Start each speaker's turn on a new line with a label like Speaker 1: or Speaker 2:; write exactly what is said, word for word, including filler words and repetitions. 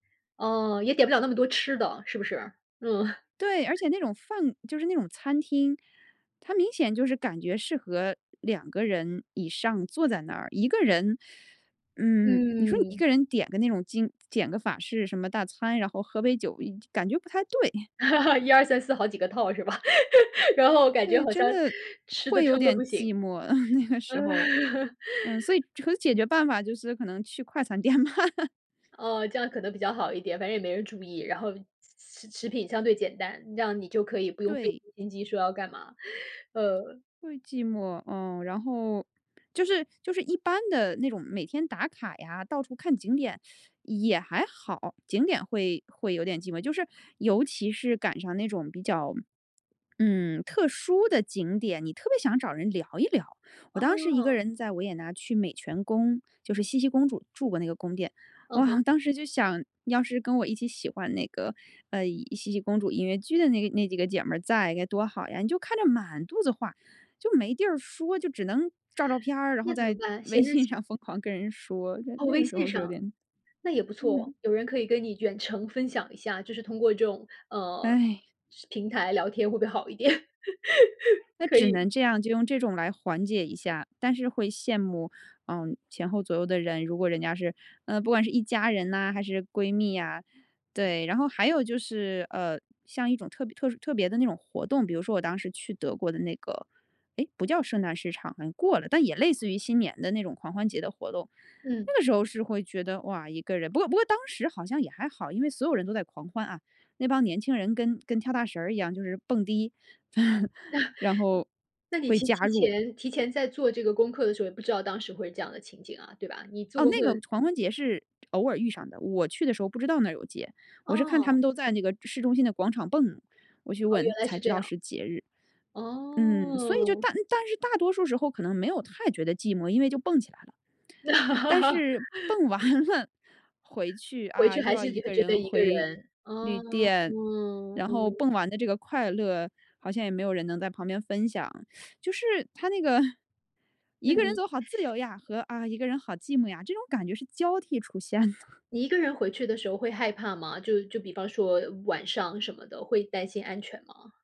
Speaker 1: 呃，也点不了那么多吃的，是不是？嗯。
Speaker 2: 对，而且那种饭就是那种餐厅，它明显就是感觉适合两个人以上坐在那儿。一个人 嗯，你说你一
Speaker 1: 嗯。
Speaker 2: 个人点个那种经点个法式什么大餐，然后喝杯酒，一感觉不太对。
Speaker 1: 一、二、三、四好几个套是吧？然后感觉
Speaker 2: 对，
Speaker 1: 好
Speaker 2: 真
Speaker 1: 像
Speaker 2: 的
Speaker 1: 吃得
Speaker 2: 会有
Speaker 1: 撑得
Speaker 2: 点
Speaker 1: 不行。
Speaker 2: 寂寞，呃，那个
Speaker 1: 嗯。
Speaker 2: 时候。嗯，所以可解决办法就是可能去快餐店嘛。
Speaker 1: 哦，这样可能比较好一点，反正也没人注意，然后食食品相对简单，这样你就可以不用费
Speaker 2: 对。
Speaker 1: 尽心机说要干嘛，嗯。
Speaker 2: 会寂寞，嗯，然后就是就是一般的那种每天打卡呀，到处看景点 也还好，景点会会有点寂寞，就是尤其是赶上那种比较，嗯，特殊的景点，你特别想找人聊一聊。我当时一个
Speaker 1: 哦。
Speaker 2: 人在维也纳去美泉宫，就是茜茜公主住过那个宫殿。
Speaker 1: 嗯
Speaker 2: 哇，
Speaker 1: 哼。
Speaker 2: 当时就想：“要是跟我一起喜欢那个，呃，茜茜公主音乐剧的那个那几个姐们儿在该多好呀。”你就看着满肚子话就没地儿说，就只能照照片儿，然后
Speaker 1: 那怎么
Speaker 2: 在
Speaker 1: 办？写
Speaker 2: 微
Speaker 1: 日
Speaker 2: 信
Speaker 1: 记？
Speaker 2: 上疯狂跟人说，就
Speaker 1: 哦，
Speaker 2: 那
Speaker 1: 微
Speaker 2: 个时
Speaker 1: 信
Speaker 2: 候是有
Speaker 1: 上。
Speaker 2: 点
Speaker 1: 那也不错，
Speaker 2: 嗯。
Speaker 1: 有人可以跟你远程分享一下，就是通过这种，呃，
Speaker 2: 唉。
Speaker 1: 平台聊天会不会好一点？
Speaker 2: 那
Speaker 1: 可
Speaker 2: 只
Speaker 1: 以。
Speaker 2: 能这样就用这种来缓解一下，但是会羡慕，嗯，前后左右的人，如果人家是呃，不管是一家人呐还是闺蜜呀，对。然后还有就是，呃，像一种特别特殊特别的那种活动，比如说我当时去德国的那个诶，不叫圣诞市场，好像过了，但也类似于新年的那种狂欢节的活动。
Speaker 1: 嗯。
Speaker 2: 那个时候是会觉得：“哇，一个人”不过不过当时好像也还好，因为所有人都在狂欢啊，那帮年轻人跟跟跳大神儿一样就是蹦迪，然后
Speaker 1: 那你
Speaker 2: 会
Speaker 1: 提
Speaker 2: 加
Speaker 1: 提
Speaker 2: 入
Speaker 1: 前提前在做这个功课的时候，也不知道当时会是这样的情景啊，对吧？你做
Speaker 2: 哦，
Speaker 1: 功课
Speaker 2: 那个狂欢节是偶尔遇上的，我去的时候不知道那儿有节。我是看他
Speaker 1: 哦。
Speaker 2: 们都在那个市中心的广场蹦，我去
Speaker 1: 哦，
Speaker 2: 问，
Speaker 1: 原来
Speaker 2: 才
Speaker 1: 是
Speaker 2: 知
Speaker 1: 这
Speaker 2: 道
Speaker 1: 样。
Speaker 2: 是节日。嗯，所以就
Speaker 1: 哦。
Speaker 2: 但但是大多数时候可能没有太觉得寂寞，因为就蹦起来了。但是 蹦完了回去，
Speaker 1: 回
Speaker 2: 啊，
Speaker 1: 去
Speaker 2: 又
Speaker 1: 还
Speaker 2: 要
Speaker 1: 是
Speaker 2: 一
Speaker 1: 就会
Speaker 2: 个
Speaker 1: 觉得
Speaker 2: 人
Speaker 1: 一个
Speaker 2: 回
Speaker 1: 人。
Speaker 2: 旅
Speaker 1: 哦，
Speaker 2: 店，
Speaker 1: 嗯，
Speaker 2: 然后
Speaker 1: 嗯。
Speaker 2: 蹦完的这个快乐，好像也没有人能在旁边分享 就是它那个“一
Speaker 1: 那
Speaker 2: 个人
Speaker 1: 你
Speaker 2: 走好自 由呀”，和“啊，一个人好寂寞呀”，这种感觉是交替出现的。
Speaker 1: 你一个人回去的时候会害怕吗？就就比方说晚上什么的，会担心安全吗？